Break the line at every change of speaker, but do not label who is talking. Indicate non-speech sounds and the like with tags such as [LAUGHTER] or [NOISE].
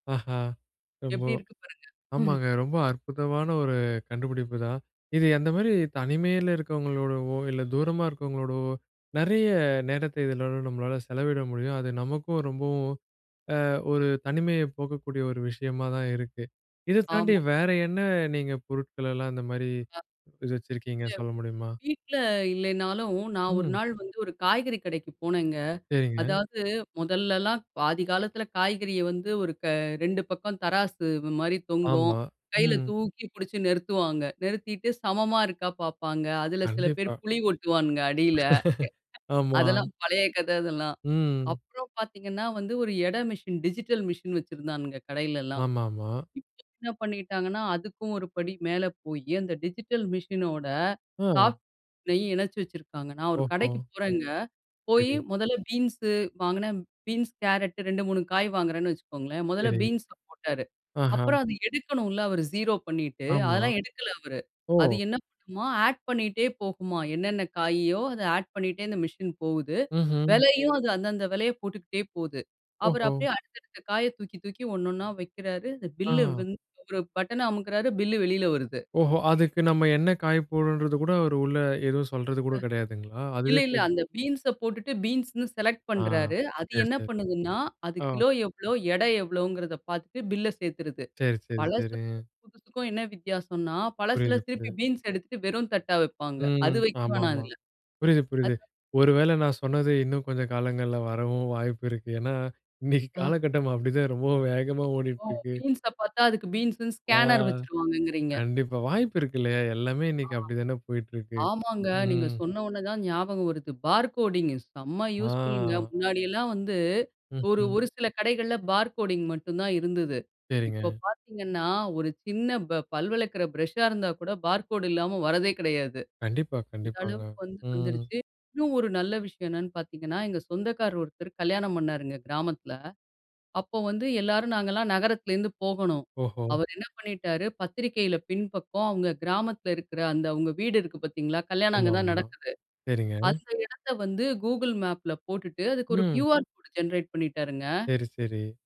ஆஹா! ரொம்போ.
எப்டி இருக்கு பாருங்க. [CHUCKLES]
ஆமாங்க, ரொம்ப அற்புதமான ஒரு கண்டுபிடிப்புதான். இது அந்த மாரி தனிமையில இருக்கிறவங்களோடவோ இல்ல தூரமா இருக்கிறவங்களோடவோ நறைய நேரத்த இதல நம்மளால செலவிட முடியும். அது நமக்கும் ரொம்பவும் அ ஒரு தனிமையை போக்கக்கூடிய ஒரு விஷயமா தான் இருக்கு. இத தாண்டி
ஆமா.
வேற என்ன நீங்க பொருட்கள்லாம் இந்த மாரி இது வச்சிருக்கீங்க சொல்ல முடியுமா?
வீட்ல இல்லைனாலும் நான் ஒரு
ம்.
நாள் வந்து ஒரு காய்கறி கடைக்கு போனேங்க.
சரிங்க.
அதாவது முதல்லலாம் பாதி காலத்தில காய்கறிய வந்து ஒரு க 2 பக்கம் தராசு மாரி தொங்கும்.
ஆமா.
கையில
ம்.
தூக்கி புடிச்சு நிறுத்துவாங்க. நிறுத்திட்டு, சமமா இருக்கா பாப்பாங்க. அதில சில பேர்
கண்டிப்பா.
புலி ஒட்டுவானுங்க அடியில.
[CHUCKLES] ஆமா.
அதெல்லாம் பழைய கத அதெல்லாம்.
ம்.
அப்புறம் பாத்தீங்கன்னா, வந்து ஒரு எடை மிஷின் டிஜிட்டல் மிஷின் வச்சிருந்தானுங்க, கடையிலலாம்.
ஆமாமா.
இப்ப என்ன பண்ணிட்டாங்கன்னா, அதுக்கும் ஒரு படி மேல போய் அந்த டிஜிட்டல் மிசின் ஓட
அ.
சாஃப்ட் பில்லயும் இணைச்சு வச்சிருக்காங்க. நான் ஒரு
ஓஹோ!
கடைக்கு போறேங்க, போய்
சரி.
முதல்ல பீன்ஸ் வாங்குனேன். பீன்ஸ், கேரட், 2, 3 காய் வாங்குறேன்னு வச்சுக்கோங்ளேன். முதல்ல
சரி.
பீன்ஸ் போட்டாரு
ஆஹா.
அப்புறம் அத எடுக்கணுல அவரு 0 பண்ணிட்டு
ஆமா.
அதெல்லாம் எடுக்கல அவரு.
ஓ!
அது என்ன பண்ணுமாம், ஆட் பண்ணிட்டே போகுமாம். என்னன்ன காயோ அத ஆட் பண்ணிட்டே இந்த மிசின் போகுது.
ம்ஹ்ம்.
விலையும் அது அந்த அந்த விலைய போட்டுக்குட்டே போது. அவரு
ஓஹோ!
அப்டியே அடுத்த அடுத்த காய தூக்கி தூக்கி ஒன்னொன்ன வைக்கிறாரு. அந்த பில்லு
அஹ.
ஒரு பட்டன்ன அமுக்குறாரு. பில்லு வெளில வருது.
ஓஹோ! அதுக்கு நம்ம என்ன காய போடணும்ன்றது கூட அவரு உள்ள எதுவும் சொல்றது கூட
அ
கிடையாதுங்களா?
இல்ல,
அதுவே
இல்ல.
போடு
அந்த பீன்ஸ போட்டுட்டு பீன்ஸ்ன்னு செலக்ட்
ஆ.
பண்றாரு. அது
சரி,
என்ன
சரி.
பண்ணுதுன்னா, அது
ஆ.
கிலோ எவ்வளோ எடை எவ்வளோங்குறதோ பார்த்துட்டு பில்ல சேர்த்துருது.
சரி, சரி,
பழசுக்கும்,
சரிங்க.
புதுசுக்கும் என்ன வித்தியாசம்ன்னா,
புரியுது,
பழசுல திருப்பி
புரியுது.
பீன்ஸ் எடுத்துட்டு வெறும் தட்டா வைப்பாங்க.
ம்,
அது வைக்க வேணாம்
ஆமாமா.
அதில.
புரியுது, புரியுது.
அது
ஒரு வேள நான் சொன்னது இன்னும் கொஞ்சம் காலங்கள்ல வரவும் வாய்ப்பு இருக்கு. ஏன்னா இன்னைக்கு
அ.
காலகட்டம் அப்டி தான் ரொம்ப வேகமா
ஓ!
ஓடிட்டு இருக்கு.
பீன்ஸ பார்த்தா அதுக்கு பீன்ஸுன்னு
ஆ,
ஸ்கேனர் வச்சுருவாங்கங்கிறீங்க?
கண்டிப்பா. வாய்ப்பு இருக்குல எல்லாமே இன்னைக்கு அப்டித்தானே போயிட்டுருக்கு.
ஆமாங்க. நீங்க
ம்.
சொன்னோன தான் ஞாபகம் வருது. பார் கோடிங்கு செம யூஸ்ஃபுல்ங்க
ஆ.
முன்னாடி எல்லாம் வந்து. ஒரு
ம்ஹ்ம்.
ஒரு சில கடைகள்ல பார் கோடிங் மட்டும் தான் இருந்தது. இப்போ
சரிங்க.
பார்த்தீங்கன்னா, ஒரு சின்ன ப பல் வளர்க்குற பிரஷா இருந்தா கூட பார் கோடு இல்லாம வரதே கெடையாது.
கண்டிப்பா,
அந்த
கண்டிப்பாங்க.
அளவுக்கு வந்து
ம்.
வந்துடுச்சு. இன்னும் ஒரு நல்ல விஷயம் என்னன்னு பாத்தீங்கன்னா எங்க சொந்தக்காரு ஒருத்தர் கல்யாணம் பண்ணாருங்க கிராமத்தில. அப்போ வந்து எல்லாரும் நாங்கள்லாம் நகரத்திலேருந்து போகணும்.
ஓஹோ!
அவரு என்ன பண்ணிட்டாரு பத்திரிக்கையில பின்பக்கம் அவங்க கிராமத்தில இருக்கற அந்த அவங்க வீடு இருக்கு பார்த்தீங்களா? கல்யாணம் அங்க தான்
ஆமாமா,
நடக்குது.
சரிங்க.
அந்த இடத்த வந்து கூகுள் மேப்பில போட்டுட்டு அதுக்கு ஒரு
ம்.
கியூஆர் கோட் ஜெனரேட் பண்ணிட்டாருங்க.
சரி, சரி.